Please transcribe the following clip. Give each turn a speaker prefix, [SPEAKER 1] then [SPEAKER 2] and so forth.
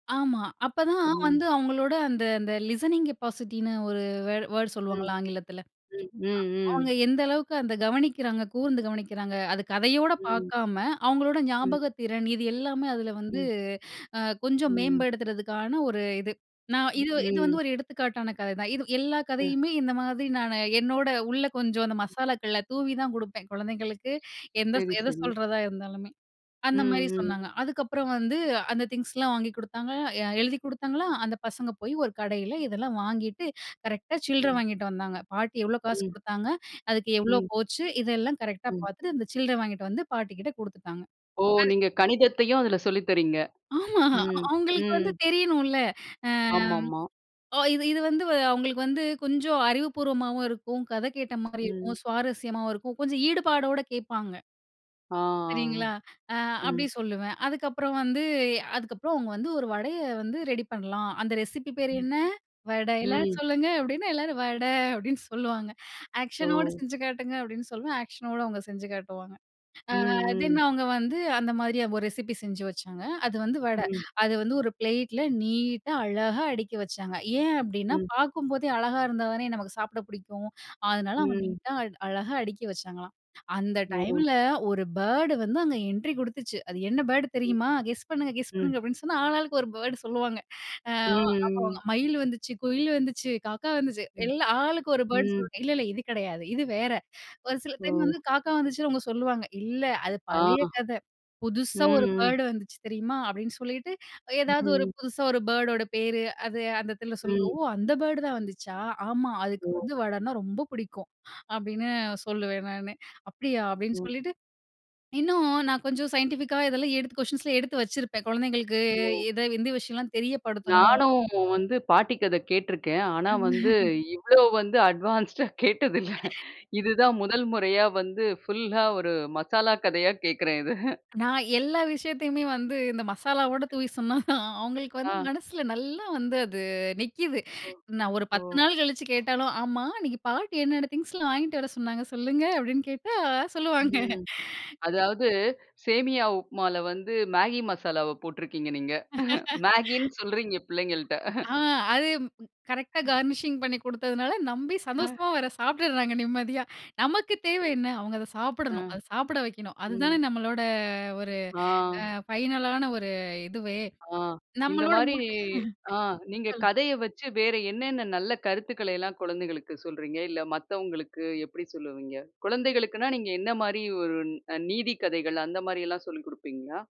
[SPEAKER 1] ஆமா. அப்போ தான்
[SPEAKER 2] ம்.
[SPEAKER 1] வந்து அவங்களோட அந்த அந்த லிசனிங் கெப்பாசிட்டின்னு ஒரு வேர்ட் வேர்ட்
[SPEAKER 2] ம்.
[SPEAKER 1] சொல்லுவாங்கல ஆங்கிலத்துல.
[SPEAKER 2] ம், ம், ம்.
[SPEAKER 1] அவங்க எந்த அளவுக்கு அந்த கவனிக்கிறாங்க, கூர்ந்து கவனிக்கிறாங்க! அது கதையோட
[SPEAKER 2] ம்.
[SPEAKER 1] பாக்காம, அவங்களோட
[SPEAKER 2] ம்.
[SPEAKER 1] ஞாபகத்திறன், இது எல்லாமே அதுல வந்து
[SPEAKER 2] ம்.
[SPEAKER 1] அ கொஞ்சம்
[SPEAKER 2] ம்.
[SPEAKER 1] மேம்படுத்துறதுக்கான ஒரு இது. நான் இது இது வந்து
[SPEAKER 2] ம்.
[SPEAKER 1] ஒரு எடுத்துக்காட்டான கதைதான். இது எல்லா கதையுமே, இந்த மாதிரி நானு என்னோட உள்ள கொஞ்சம் அந்த மசாலாக்களை தூவிதான் குடுப்பேன், குழந்தைங்களுக்கு. எந்த
[SPEAKER 2] சரி,
[SPEAKER 1] எத
[SPEAKER 2] சரி.
[SPEAKER 1] சொல்றதா இருந்தாலுமே. அந்த மாரி
[SPEAKER 2] ம், ம்.
[SPEAKER 1] சொன்னாங்க. அதுக்கப்புறம் வந்து, அந்த திங்ஸ்லாம் வாங்கி குடுத்தாங்க, எ எழுதி குடுத்தாங்களா! அந்த பசங்க போயி ஒரு கடையில இதெல்லாம் வாங்கிட்டு, கரெக்ட்டா சில்ற
[SPEAKER 2] ம்.
[SPEAKER 1] வாங்கிட்டு வந்தாங்க. பாட்டி எவ்ளோ காசு
[SPEAKER 2] ம்.
[SPEAKER 1] குடுத்தாங்க? அதுக்கு எவ்ளோ
[SPEAKER 2] ம்.
[SPEAKER 1] போச்சு? இதெல்லாம் கரெக்ட்டா
[SPEAKER 2] ம்.
[SPEAKER 1] பாத்துட்டு, அந்த சில்லறை வாங்கிட்டு வந்து பாட்டி கிட்ட குடுத்துட்டாங்க.
[SPEAKER 2] ஓ,
[SPEAKER 1] அது
[SPEAKER 2] நீங்க கணிதத்தையும், அதுல சொல்லி தர்றீங்க.
[SPEAKER 1] ஆமா,
[SPEAKER 2] ம்,
[SPEAKER 1] அவுங்களுக்கு
[SPEAKER 2] ம்.
[SPEAKER 1] வந்து தெரியணும்ல! ஆ
[SPEAKER 2] ஆமாமா.
[SPEAKER 1] ஓ இது இது வந்து, அவுங்களுக்கு வந்து, கொஞ்சம் அறிவுபூர்வமாவும் இருக்கும், கதை கேட்ட மாரி
[SPEAKER 2] ம்.
[SPEAKER 1] இருக்கும், சுவாரஸ்யமாவும் இருக்கும், கொஞ்சம் ஈடுபாடோட கேப்பாங்க.
[SPEAKER 2] ஆ,
[SPEAKER 1] சரிங்களா!
[SPEAKER 2] அ.
[SPEAKER 1] அ, அப்பிடி
[SPEAKER 2] ம்.
[SPEAKER 1] சொல்லுவேன். அதுக்கப்புறம் வந்து அதுக்கப்புறம் அவங்க வந்து ஒரு வடையை வந்து ரெடி பண்ணலாம். அந்த ரெசிபி பேரு என்ன? "வடை" எல்லாரும்
[SPEAKER 2] ம்.
[SPEAKER 1] சொல்லுங்க அப்படின்னா, எல்லாரும் "வடை" அப்படின்னு சொல்லுவாங்க." ஆக்ஷனோடு
[SPEAKER 2] ஓ.
[SPEAKER 1] செஞ்சு காட்டுங்க." அப்படின்னு சொல்லுவேன். ஆக்ஷனோட அவங்க செஞ்சு காட்டுவாங்க. அ
[SPEAKER 2] ம்,
[SPEAKER 1] தென்,
[SPEAKER 2] ம்.
[SPEAKER 1] அவுங்க வந்து அந்த மாரி ஒரு ரெசிபி செஞ்சு வச்சாங்க. அது வந்து வடை.
[SPEAKER 2] ம்.
[SPEAKER 1] அது வந்து ஒரு ப்ளேட்ல நீட்டா, அழகா அடுக்கி வச்சாங்க. ஏன் அப்படின்னா
[SPEAKER 2] ம்.
[SPEAKER 1] பாக்கும்போதே அழகா இருந்தா தானே நமக்கு சாப்பிட பிடிக்கும். அதனால, அவங்க
[SPEAKER 2] ம்.
[SPEAKER 1] நீட்டா அ அழகா அடிக்கி வச்சாங்களாம். அந்த
[SPEAKER 2] ஓ.
[SPEAKER 1] டைம்ல, ஒரு பர்ட் வந்து அங்கே என்ட்ரி கொடுத்துச்சு. அது என்ன பர்ட்
[SPEAKER 2] ம்,
[SPEAKER 1] தெரியுமா? கெஸ் பண்ணுங்க! கெஸ்
[SPEAKER 2] ம்.
[SPEAKER 1] பண்ணுங்க! அப்படின்னு சொன்னா, ஆள் ஆளுக்கு ஒரு பர்ட்ட சொல்லுவாங்க. [unintelligible] அ
[SPEAKER 2] ம்,
[SPEAKER 1] அப்போ
[SPEAKER 2] ம்.
[SPEAKER 1] மயில் வந்துச்சு, குயில் வந்துச்சு, காக்கா வந்துச்சு.
[SPEAKER 2] ம்,
[SPEAKER 1] எல்லா ஆளுக்கு ஒரு பர்ட்ட
[SPEAKER 2] ம்.
[SPEAKER 1] சொல்ல, "இல்லல்ல. இது கிடையாது. இது வேற." ஒரு சில டைம் வந்து
[SPEAKER 2] ஓ.
[SPEAKER 1] காக்கா வந்துச்சுன்னு அவங்க சொல்லுவாங்க. "இல்ல. அது
[SPEAKER 2] ஆ.
[SPEAKER 1] பழைய கதை.
[SPEAKER 2] ம்,
[SPEAKER 1] புதுசா ஒரு
[SPEAKER 2] ம்.
[SPEAKER 1] பர்ட் வந்துச்சு தெரியுமா?" அப்படின்னு சொல்லிட்டு, ஏதாவது ஒரு
[SPEAKER 2] ம்.
[SPEAKER 1] புதுசா ஒரு பர்ட்டோட பேரு, அது அந்த இடத்துல
[SPEAKER 2] ம்.
[SPEAKER 1] சொல்லுவோ, "அந்த பர்ட் தான் வந்துச்சா! ஆமா. அதுக்கு
[SPEAKER 2] ஓ.
[SPEAKER 1] வந்து வடனா ரொம்ப பிடிக்கும்." அப்படின்னு சொல்லுவேன் நானு. "அப்படியா?" அப்படின்னு
[SPEAKER 2] ம்.
[SPEAKER 1] சொல்லிட்டு. இன்னும் நான் கொஞ்சம் சைன்டிஃபிக்கா இதெல்லாம் எடுத்து குயஸ்ஷன்ஸ்ல எடுத்து வச்சிருப்பேன், குழந்தைங்களுக்கு
[SPEAKER 2] ஓ!
[SPEAKER 1] எத, எந்த விஷயம்லாம் தெரியப்படுத்தணும்!
[SPEAKER 2] நானும் வந்து பாட்டி கதை கேட்டுருக்கேன். ஆனா வந்து, இவ்ளோ வந்து அட்வான்ஸ்டா கேட்டதில்ல. இதுதான் முதல் முறையா வந்து ஃபுல்லா ஒரு மசாலா கதையா கேக்குறேன் இத.
[SPEAKER 1] நான் எல்லா விஷயத்தையுமே வந்து இந்த மசாலாவோட தூவி சொன்னாதான், அவுங்களுக்கு வந்து
[SPEAKER 2] ஆ.
[SPEAKER 1] மனசுல நல்லா வந்து அது நிக்கிது.
[SPEAKER 2] ஓ.
[SPEAKER 1] நான் ஒரு
[SPEAKER 2] ஓ.
[SPEAKER 1] 10 நாள் கழிச்சு கேட்டாலும், "ஆமா, அன்னைக்கு பாட்டி என்னென்ன திங்ஸ்லாம் வாங்கிட்டு வர சொன்னாங்க சொல்லுங்க?" அப்படின்னு கேட்டா சொல்லுவாங்க.
[SPEAKER 2] ம். அதாவது, சேமியா உப்மால வந்து மேகி மசாலாவ போட்டுருக்கீங்க நீங்க. மேகின்னு சொல்றீங்க பிள்ளைங்கள்ட்ட.
[SPEAKER 1] ஆ அது, கரெக்ட்டா கார்னிஷிங் பண்ணி கொடுத்ததுனால நம்பி
[SPEAKER 2] அ.
[SPEAKER 1] சந்தோஷமா வேற சாப்பிட்டுறாங்க நிம்மதியா. நமக்கு தேவ என்ன? அவுங்க அதை
[SPEAKER 2] அ.
[SPEAKER 1] சாப்பிடணும். அதை சாப்பிட வைக்கணும். அதுதானே
[SPEAKER 2] ம்.
[SPEAKER 1] நம்மளோட ஒரு
[SPEAKER 2] ஆ.
[SPEAKER 1] அ ஃபைனலான ஒரு இதுவே.
[SPEAKER 2] ஆ, இந்த
[SPEAKER 1] நம்மளோட
[SPEAKER 2] மாரி
[SPEAKER 1] மூட்
[SPEAKER 2] ஆ நீங்க
[SPEAKER 1] சொல்லுங்
[SPEAKER 2] கதைய வச்சு வேற என்னென்ன நல்ல கருத்துக்களை எல்லாம் குழந்தைகளுக்கு சொல்றீங்க? இல்ல மத்தவங்களுக்கு எப்படி சொல்லுவீங்க? குழந்தைகளுக்குனா நீங்க என்ன மாரி ஒரு நீதிக் கதைகள், அந்த மாரி எல்லாம் சொல்லிக் கொடுப்பீங்களா?